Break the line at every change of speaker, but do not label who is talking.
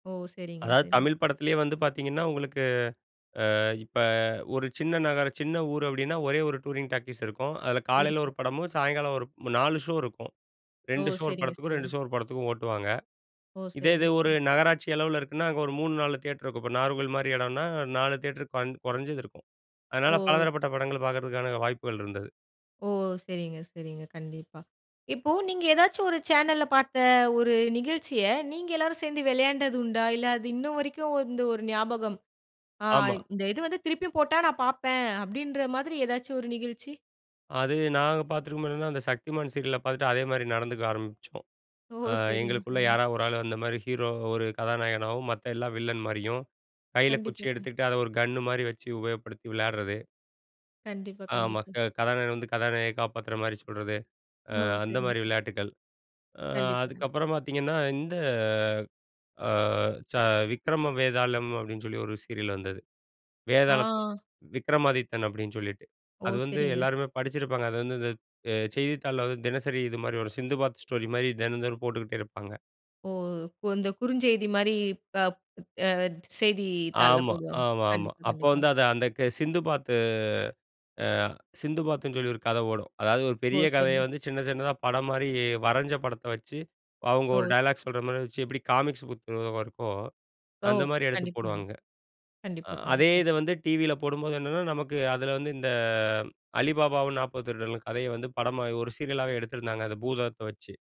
ஓ! சரிங்க,
அதாவது
சரிங்க.
தமிழ் படத்திலேயே வந்து பார்த்தீங்கன்னா உங்களுக்கு, அ இப்ப ஒரு சின்ன நகரம் சின்ன ஊர் அப்பிடின்னா ஒரே ஒரு டூரிங் டாக்கீஸ் இருக்கும். அதில காலையில
இருக்கு.
ஒரு படமும், சாயங்காலம் ஒரு 4 ஷோ இருக்கும்.
ஓ!
2 ஷோ ஒரு
சரிங்க,
படத்துக்கும், 2
சரிங்க.
ஷோ ஒரு படத்துக்கும் ஓட்டுவாங்க.
ஓ!
இதே இது ஒரு
சரிங்க.
நகராட்சி அளவுல இருக்குன்னா, அங்க ஒரு 3, 4 தியேட்டர் இருக்கும். இப்ப நாகர்கோயில்மாரி இடம்னா, 4 தியேட்டர் பன் குறஞ்சது இருக்கும். அதனால
ஓ!
பலதரப்பட்ட படங்கள் பார்க்கிறதுக்கான வாய்ப்புகள் இருந்தது.
ஓ! சரிங்க, சரிங்க. கண்டிப்பா. இப்போ நீங்க ஏதாச்சும் ஒரு சேனல்ல பார்த்த ஒரு நிகழ்ச்சிய நீங்க எல்லோரும் சேர்ந்து விளையாண்டது உண்டா? இல்ல, அது இன்னும் வரைக்கும் வந்து ஒரு ஞாபகம். அ
ஆமா.
இந்த இது வந்து திருப்பியும் போட்டா நான் பார்ப்பேன், அப்பிடின்ற மாதிரி ஏதாச்சும் ஒரு நிகழ்ச்சி.
அது நாங்க பார்த்துருக்கும்போது என்னன்னா, அந்த சக்திமான் சீரியல பார்த்துட்டு அதேமாரி நடந்துக்க ஆரம்பிச்சோம்.
ஓ!
அ
சரிங்க,
எங்களுக்குள்ள
சரிங்க.
யாராவது ஒரு ஆள் அந்தமாரி ஹீரோ ஒரு கதாநாயகனாகவும், மத்த எல்லா வில்லன் மாரியும். கையில குச்சி
கண்டிப்பா [unintelligible]
எடுத்துட்டு அத ஒரு கன்னு மாரி வச்சு உபயோகப்படுத்தி விளையாட்றது.
கண்டிப்பா,
ஆமா.
கண்டிப்பா.
க கதாநாயகன் வந்து கதாநாயகிய காப்பாத்துறமாரி சொல்றது.
ஓ!
அ
சரி.
அந்தமாரி விளையாட்டுக்கள். அ
கண்டிப்பா, கண்டிப்பா.
அதுக்கப்புறம் பார்த்தீங்கன்னா, இந்த அ ச விக்ரம வேதாளம், அப்பிடின்னு சொல்லி ஒரு சீரியல் வந்தது. வேதாளம்
ஆ.
விக்கிரமாதித்தன் அப்பிடின்னு சொல்லிட்டு,
ஓ!
அது வந்து
சரிங்க.
எல்லாருமே படிச்சிருப்பாங்க. அது வந்து இந்த அ செய்தித்தாள்ல வந்து, தினசரி இதுமாரி ஒரு சிந்துபாத் ஸ்டோரி மாரி தினம், தினம் போட்டுக்கிட்டே இருப்பாங்க.
ஓ! கு அந்த குறுஞ்செய்திமாரி இப்ப எ செய்திதாள்ல
ஆமா.
போடுவாங்க.
ஆமா, ஆமா.
கண்டிப்பா,
அப்ப
கண்டிப்பா.
வந்து அந்த க சிந்து பாத்து. அ சிந்து பாத்துன்னு சொல்லி ஒரு கத ஓடும். அதாவது ஒரு
ஓ!
பெரிய கதைய
சரிங்க.
வந்து சின்ன சின்னதா படம் மாரி வரஞ்ச படத்த வச்சு, அவுங்க ஒரு
ஓ!
டயலாக் சொல்ற மாரி வச்சு, எப்பிடி காமிக்ஸ் புக் இருக்கோ,
ஓ!
அந்தமாரி எடுத்து
கண்டிப்பா,
போடுவாங்க.
கண்டிப்பா.
அ
கண்டிப்பா,
அதே
கண்டிப்பா.
இத வந்து டிவி ல போடும்போது என்னன்னா நமக்கு அதுல வந்து, இந்த அ அலிபாபாவும் 40 திருடர்கள் கதைய வந்து படமா ஒரு சீரியல்லா எடுத்திருந்தாங்க. அந்த பூதத்த வச்சு.